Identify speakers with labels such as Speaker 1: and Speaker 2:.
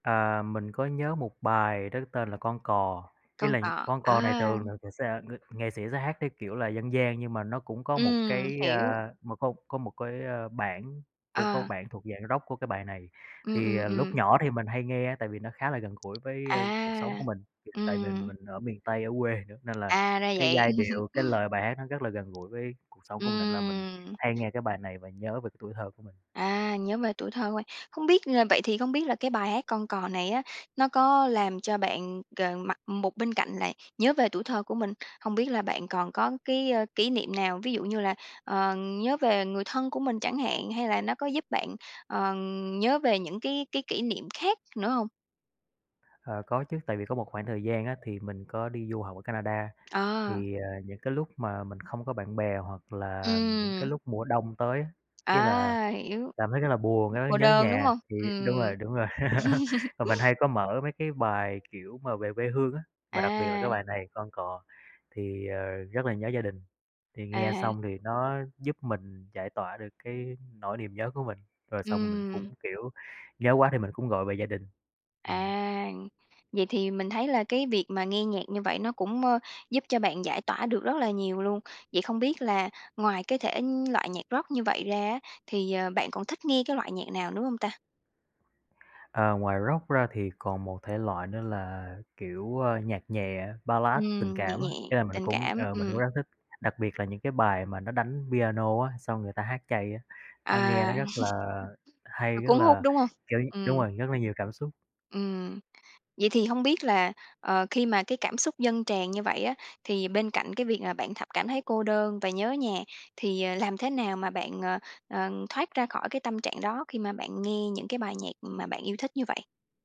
Speaker 1: À, mình có nhớ một bài đó tên là "Con Cò", ý
Speaker 2: "Con
Speaker 1: là
Speaker 2: Cò",
Speaker 1: "Con Cò" này thường là
Speaker 2: à!
Speaker 1: mình sẽ sa ng nghệ sĩ sẽ hát cái kiểu là dân gian nhưng mà nó cũng có một
Speaker 2: Ừm,
Speaker 1: cái,
Speaker 2: hiểu.
Speaker 1: a, nó có có một cái, a, bản cũng có
Speaker 2: Ờ.
Speaker 1: bản thuộc dạng Rock của cái bài này
Speaker 2: Ừm,
Speaker 1: thì,
Speaker 2: ừm,
Speaker 1: à, lúc
Speaker 2: ừm.
Speaker 1: nhỏ thì mình hay nghe tại vì nó khá là gần gũi với, a, cuộc sống của
Speaker 2: À,
Speaker 1: mình, tại vì
Speaker 2: ừm.
Speaker 1: mình ở miền Tây ở quê nữa nên là
Speaker 2: À, ra
Speaker 1: cái
Speaker 2: vậy.
Speaker 1: giai điệu, cái lời bài hát nó rất là gần gũi với cuộc sống của mình nên là mình
Speaker 2: Ừm.
Speaker 1: hay nghe cái bài này và nhớ về cái tuổi thơ của mình.
Speaker 2: À, nhớ về tuổi thơ của bạn. Hông biết, ờ vậy thì hông biết là cái bài hát "Con Cò" này á, nó có làm cho bạn, ờ, mặt một bên cạnh là nhớ về tuổi thơ của mình, hông biết là bạn còn có cái, ơ, kỷ niệm nào, ví dụ như là, ờ, nhớ về người thân của mình chẳng hạn, hay là nó có giúp bạn, ờ, nhớ về những cái cái kỷ niệm khác nữa hông?
Speaker 1: Ờ, có chứ, tại vì có một khoảng thời gian á, thì mình có đi du học ở Canada
Speaker 2: À.
Speaker 1: thì, à, những cái lúc mà mình không có bạn bè hoặc là những cái
Speaker 2: Ừm.
Speaker 1: lúc mùa đông tới á, ý là
Speaker 2: À, hiểu.
Speaker 1: cảm thấy rất là buồn
Speaker 2: B
Speaker 1: á,
Speaker 2: cô
Speaker 1: nhớ
Speaker 2: đơn, đúng
Speaker 1: nhà,
Speaker 2: hông?
Speaker 1: thì đúng
Speaker 2: Ừm.
Speaker 1: rồi, đúng rồi, và mình hay có mở mấy cái bài, kiểu, mà về quê hương á, mà đặc biệt là cái
Speaker 2: À.
Speaker 1: bài này, "Con Cò" thì, ờ, rất là nhớ gia đình. Thì nghe
Speaker 2: À.
Speaker 1: xong thì nó giúp mình giải tỏa được cái nỗi niềm nhớ của mình, rồi xong mình cũng,
Speaker 2: Ừm.
Speaker 1: kiểu, nhớ quá thì mình cũng gọi về gia đình, ừm.
Speaker 2: À, vậy thì mình thấy là cái việc mà nghe nhạc như vậy nó cũng, ơ, giúp cho bạn giải tỏa được rất là nhiều luôn, vậy không biết là ngoài cái thể, ưm, loại nhạc Rock như vậy ra á, thì, ờ, bạn còn thích nghe cái loại nhạc nào nữa hông ta?
Speaker 1: Ờ, ngoài Rock ra thì còn một thể loại nữa là, kiểu, ơ, nhạc nhẹ, Ballad, tình
Speaker 2: Ừm, nhẹ
Speaker 1: cảm á,
Speaker 2: nhẹ,
Speaker 1: ý là mình
Speaker 2: tình
Speaker 1: cũng
Speaker 2: cảm,
Speaker 1: ờ, mình cũng
Speaker 2: ừm.
Speaker 1: rất thích, đặc biệt là những cái bài mà nó đánh piano á, xong người ta hát chay á, nó nghe nó
Speaker 2: À.
Speaker 1: rất là hay,
Speaker 2: À,
Speaker 1: rất
Speaker 2: cuốn hút,
Speaker 1: là
Speaker 2: đúng hông?
Speaker 1: kiểu đúng
Speaker 2: Ừm.
Speaker 1: rồi, rất là nhiều cảm xúc.
Speaker 2: Ừm, vậy thì hông biết là, ờ, khi mà cái cảm xúc dâng tràn như vậy á, thì bên cạnh cái việc mà bạn thập cảm thấy cô đơn và nhớ nhà thì, ờ, làm thế nào mà bạn, ờ, ờ, thoát ra khỏi cái tâm trạng đó khi mà bạn nghe những cái bài nhạc mà bạn yêu thích như vậy?